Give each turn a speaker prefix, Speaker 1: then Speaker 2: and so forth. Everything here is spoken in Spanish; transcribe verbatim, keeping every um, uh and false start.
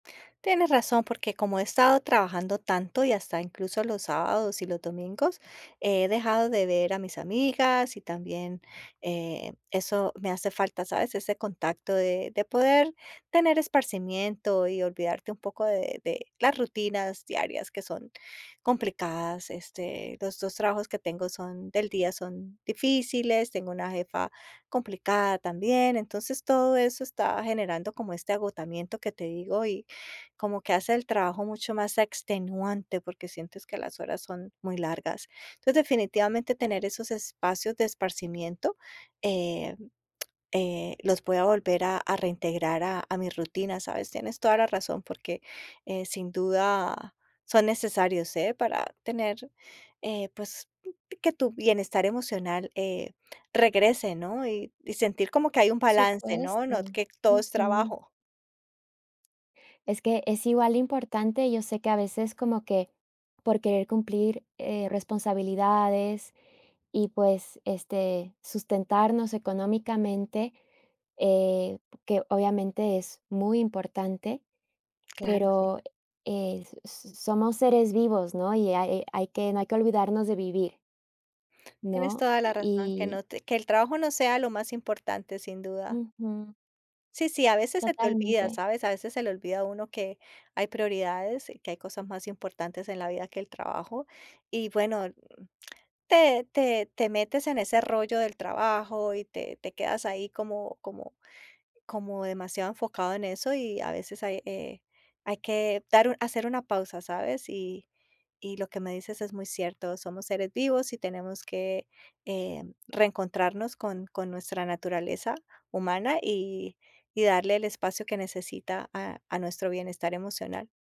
Speaker 1: Tienes razón, porque como he estado trabajando tanto y hasta incluso los sábados y los domingos, he dejado de ver a mis amigas y también, eh, eso me hace falta, ¿sabes? Ese contacto de de poder tener esparcimiento y olvidarte un poco de de la rutinas diarias, que son complicadas. Este, los dos trabajos que tengo son del día, son difíciles, tengo una jefa complicada también. Entonces, todo eso está generando como este agotamiento que te digo y como que hace el trabajo mucho más extenuante, porque sientes que las horas son muy largas. Entonces, definitivamente, tener esos espacios de esparcimiento, em, eh, los pueda volver a a reintegrar a a mi rutina, ¿sabes? Tienes toda la razón, porque, eh, sin duda son necesarios, ¿eh? para tener, eh, pues, que tu bienestar emocional, eh, regrese, ¿no? Y y sentir como que hay un balance, ¿no? No,
Speaker 2: Supuesto.
Speaker 1: que todo es
Speaker 2: Ujú.
Speaker 1: trabajo.
Speaker 2: Es que es igual de importante. Yo sé que a veces como que, por querer cumplir, eh, responsabilidades y, pues, este, sustentarnos económicamente, eh, que obviamente es muy importante,
Speaker 1: Claro, sí.
Speaker 2: pero, eh, s s somos seres vivos, ¿no? Y hay, eh, hay que no hay que olvidarnos de vivir.
Speaker 1: Tienes
Speaker 2: ¿No?
Speaker 1: toda la razón, que
Speaker 2: Y
Speaker 1: no te que el trabajo no sea lo más importante, sin duda.
Speaker 2: Ujú.
Speaker 1: Sí, sí, a veces se te olvida,
Speaker 2: Totalmente.
Speaker 1: ¿sabes? A veces se le olvida a uno que hay prioridades, que hay cosas más importantes en la vida que el trabajo, y bueno, te te te metes en ese rollo del trabajo y te te quedas ahí como como como demasiado enfocado en eso, y a veces hay, eh, hay que dar u hacer una pausa, ¿sabes? Y y lo que me dices es muy cierto, somos seres vivos y tenemos que, em, reencontrarnos con con nuestra naturaleza humana y y darle el espacio que necesita a a nuestro bienestar emocional.